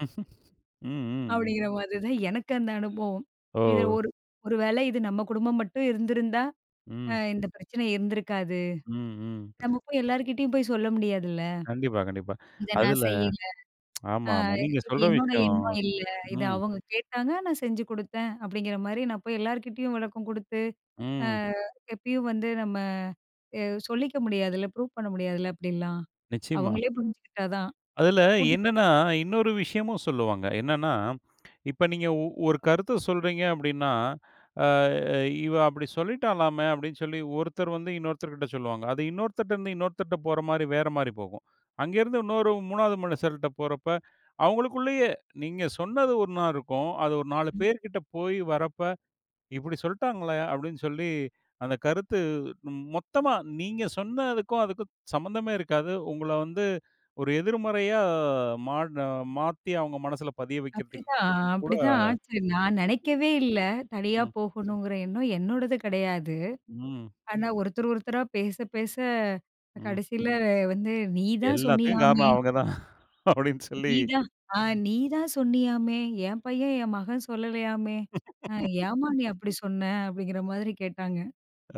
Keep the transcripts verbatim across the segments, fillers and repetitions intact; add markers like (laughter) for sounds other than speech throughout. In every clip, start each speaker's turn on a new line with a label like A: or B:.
A: (chuckles) ம், ம்.
B: அப்டிங்கிற மாதிரி தான் எனக்கு அந்த அனுபவம். இதில
A: ஓ!
B: ஒரு ஒரு வேள இது நம்ம குடும்பம் மட்டும் இருந்திருந்தா! அ
A: ம்.
B: இந்த பிரச்சனை இருந்திருக்காது.
A: ம், ம்.
B: நம்ம போயி எல்லார்கிட்டயும் போய் சொல்ல முடியாதுல்ல!
A: கண்டிப்பா, கண்டிப்பா.
B: "இத நான்
A: அதில
B: செய்யல.
A: (tsk)
B: ஆ
A: ஆமா, ஆமா. நீங்க
B: இது
A: சொல்ற
B: என்னோட
A: விஷயம்
B: எண்ணம் இல்ல. இத
A: ம்.
B: அவங்க கேட்டாங்க, நான் செஞ்சு குடுத்தேன்" அப்டிங்கிற மாரி, நான் போய் எல்லார்கிட்டேயும் விளக்கம் குடுத்து, ஆ
A: ம்.
B: எப்பயும் வந்து நம்ம அ சொல்லிக்க முடியாதுல்ல ப்ரூஃப் பண்ண முடியாதுல்ல அப்டிலாம்.
A: நிச்சியமா.
B: அவங்களே புரிஞ்சுகிட்டா தான்.
A: அதில
B: போட்டு
A: என்னனா, இன்னொரு விஷயமும் சொல்லுவாங்க. என்னானா, இப்ப நீங்க ஒ ஒரு கருத்த சொல்றீங்க அப்டின்னா, ஆ "இவ அப்டி சொல்லிட்டாளாமே" அப்டின்னு சொல்லி ஒருத்தர் வந்து இன்னொருத்தர் கிட்ட சொல்லுவாங்க. அது இன்னொருத்தர்ட்ட இருந்து இன்னொருத்தர்ட்ட போற மாரி வேற மாரி போகும். அங்கே இருந்து இன்னொரு மூணாவது மனிஷர்ட்ட போறப்ப, அவங்களுக்குள்ளேயே நீங்க சொன்னது ஒண்ணா இருக்கும்! அது ஒரு நாலு
B: ம்.
A: பேர் கிட்ட போய் வரப்ப. "இப்டி சொல்ட்டாங்கலே" அப்டின்னு சொல்லி அந்த கருத்து ம் மொத்தமா நீங்க சொன்னதுக்கும் அதுக்கும் சம்மந்தமே இருக்காது. உங்கள வந்து ஒரு எதிர்மறையா மாட் அ மாத்தி அவங்க மனசுல பதிய வைக்கிறதுக்கு
B: அப்டித்தான், அ
A: கூட
B: அப்டிதான் ஆச்சு! நான் நெனைக்கவே இல்ல. தனியா
A: ம், ம்.
B: போகணுங்குற எண்ணம் என்னோடது கெடையாது.
A: ம்.
B: ஆனா, ஒருத்தர், ஒருத்தரா பேச, பேச,
A: ம்.
B: கடைசியில வந்து, "நீதான்
A: எல்லாத்துக்கும்
B: சொன்னீயாமே!"
A: காரணம் அவங்க தான் அப்டின்னு சொல்லி,
B: "நீதான் ஆ நீதான் சொன்னீயாமே? என் பையன், என் மகன் சொல்லலையாமே! அ ஏம்மா, நீ
A: (laughs)
B: அப்டி சொன்ன?" அப்டிங்கிற மாதிரி கேட்டாங்க.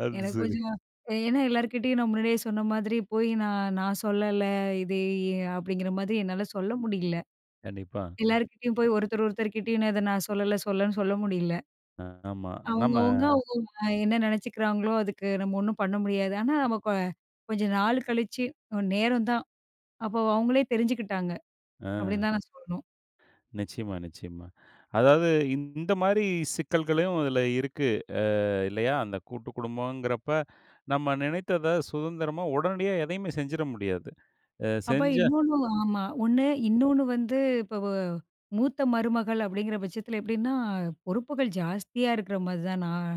A: அது
B: எனக்கு
A: சரி.
B: கொஞ்சம் ஏ ஏன்னா, எல்லார்கிட்டயும் நான் முன்னாடியே சொன்ன மாதிரி, போயி, "நான் நான் சொல்லல, இது எ"அப்டிங்கிற மாதிரி என்னால சொல்ல முடியல.
A: கண்டிப்பா.
B: எல்லார்கிட்டயும் போய், ஒருத்தர், ஒருத்தர் கிட்டயும் நான் இதை நான் சொல்லல, சொல்லன்னு சொல்ல முடியல.
A: ஆ, ஆமா. நம்ம
B: அவுங்கவங்க அவுங்கவங்க வே என்னா நெனைச்சிக்கிறாங்களோ, அதுக்கு நம்ம ஒண்ணும் பண்ண முடியாது. ஆனா, நம்ம கொ கொஞ்ச நாளு கழிச்சு அ நேரம் தான், அப்ப அவுங்களே தெரிஞ்சுக்கிட்டாங்க.
A: ஆ.
B: அப்டின்னு தான் நான் சொல்ணும்.
A: நிச்சியமா, நிச்சியமா. அதாவது இந்த மாரி சிக்கல்களும் அதில இருக்கு, ஆ இல்லையா? அந்த கூட்டுக்குடும்பம்ங்குறப்ப நம்ம நெனைத்தத, சுதந்திரமா, உடனடியா எதையுமே செஞ்சிர முடியாது. ஆ
B: அப்ப
A: செஞ்சா
B: இன்னொன்னும் ஆமா. ஒண்ணு
A: ம்.
B: இன்னொன்னு வந்து இப்ப வ மூத்த மருமகள் அப்டிங்கிற பட்சத்தில எப்டின்னா! பொறுப்புகள் ஜாஸ்தியா இருக்குற மாதிரி தான் நான்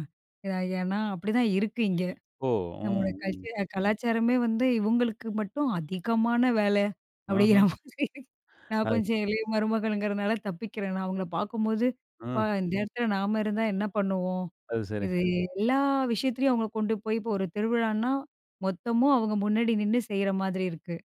B: ஏ, ஏன்னா, அப்டிதான் இருக்கு இங்க.
A: ஓ!
B: நம்மோட
A: ம், ம்.
B: கல்ச்சர் அ கலாச்சாரமே வந்து இவுங்களுக்கு மட்டும் அதிகமான வேல, அப்டிங்கிற
A: அஹ்ம்.
B: மாதிரி நான்
A: அது
B: கொஞ்சம் இளைய மருமகள்ங்குறனால தப்பிக்கிறேன். நான் அவுங்கள பாக்கும்போது, அப்பா!
A: ம்.
B: இந்த இடத்துல நாம இருந்தா என்ன பண்ணுவோம்?
A: அது சரி.
B: இது எல்லா விஷயத்துலயும் அவுங்கள கொண்டு போய் இப்போ ஒரு திருவிழான்னா, மொத்தமும் அவுங்க முன்னாடி நின்னு செய்ற மாதிரி இருக்கு.